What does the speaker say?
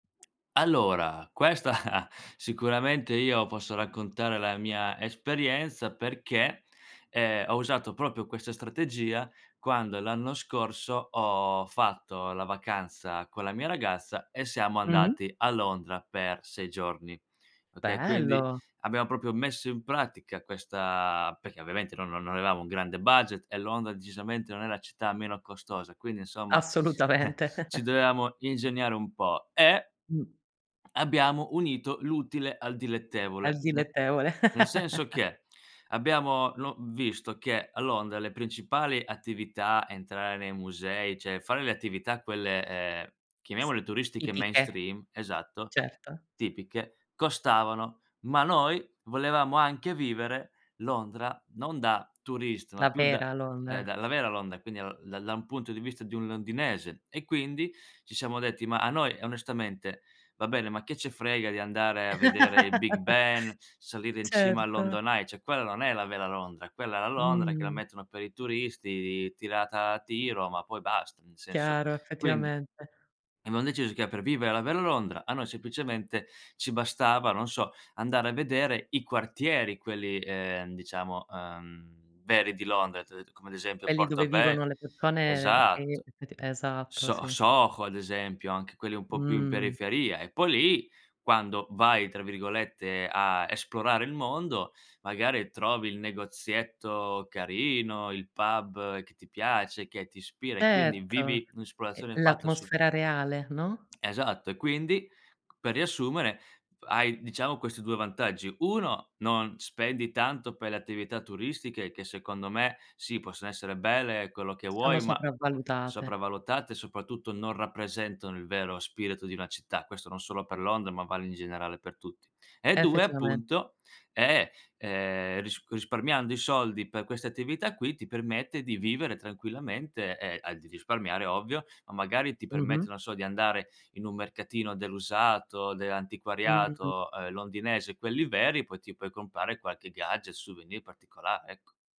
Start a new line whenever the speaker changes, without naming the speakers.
Allora, questa sicuramente io posso raccontare la mia esperienza perché, ehm, ho usato proprio questa strategia, quando l'anno scorso ho fatto la vacanza con la mia ragazza e siamo
Mh-mh.
andati a Londra per 6 giorni. Okay, quindi
Bello.
abbiam proprio messo in pratica questa perché ovviamente noi non avevamo un grande budget e Londra decisamente non è la città meno costosa, quindi insomma, eh
Assolutamente.
ci dovevamo ingegnare un po'. E
Mh.
abbiamo unito l'utile al
Al
dilettevole, ne
dilettevole.
nel senso che abbiamo lo visto che a Londra le principali attività, entrare nei musei, cioè fare le attività quelle, ehm,
S
chiamiamole turistiche
tipiche,
mainstream, esatto,
certo.
tipiche, costavano. Ma noi volevamo anche vivere Londra non da turista, ma
La
più da,
vera
ehm, da
Londra.
la vera Londra, e quindi lo da da un punto di vista di un londinese. E quindi ci siamo detti: "Ma a noi, onestamente, va bene, ma che ce frega di andare a vedere il Big Ben, salire in cima al
Certo.
London Eye" cioè quella non è la vera Londra, quella è la Londra che la
Mh.
mettono per i turisti, tirata a tiro, ma poi basta, nel senso.
Chiaro,
Quindi
effettivamente.
abbiam deciso che per vivere la vero Londra a noi semplicemente ci bastava, non so, andare a vedere i quartieri quelli, ehm, diciamo, uhm, veri di Londra, ti ho det come ad esempio
Quelli dove
Portobe
vivono le persone che
esatto,
effetti esatto,
So
sì.
Soho ad esempio, anche quelli un po' più in
Mh.
periferia. E poi lì, quando vai, tra virgolette, a "esplorare il mondo", magari trovi il negozietto carino, il pub che ti piace, che ti ispira e quindi
Certo,
vivi
e
un'esplorazione fatta sul
l'atmosfera reale, no?
Esatto. E quindi, per riassumere, hai diciamo questi 2 vantaggi. 1: non spendi tanto per le attività turistiche, che secondo me, sì, possono essere belle, quello che
Sono
vuoi, ma
sopravvalutate.
sopravvalutate, soprattutto non rappresentano il vero spirito di una città. Questo non solo per Londra, ma vale in generale per tutti. E 2:
Effettivamen
appunto è, ehm, ris risparmiando i soldi per questa attività qui ti permette di vivere tranquillamente e al di risparmiare ovvio, ma magari ti permette
Mh-mh.
non so di andare in un mercatino dell'usato,
Mh-mh.
dell'antiquariato, uhm, londinese, quelli veri, poi ti puoi comprare qualche gadget, souvenir particolare, ecco.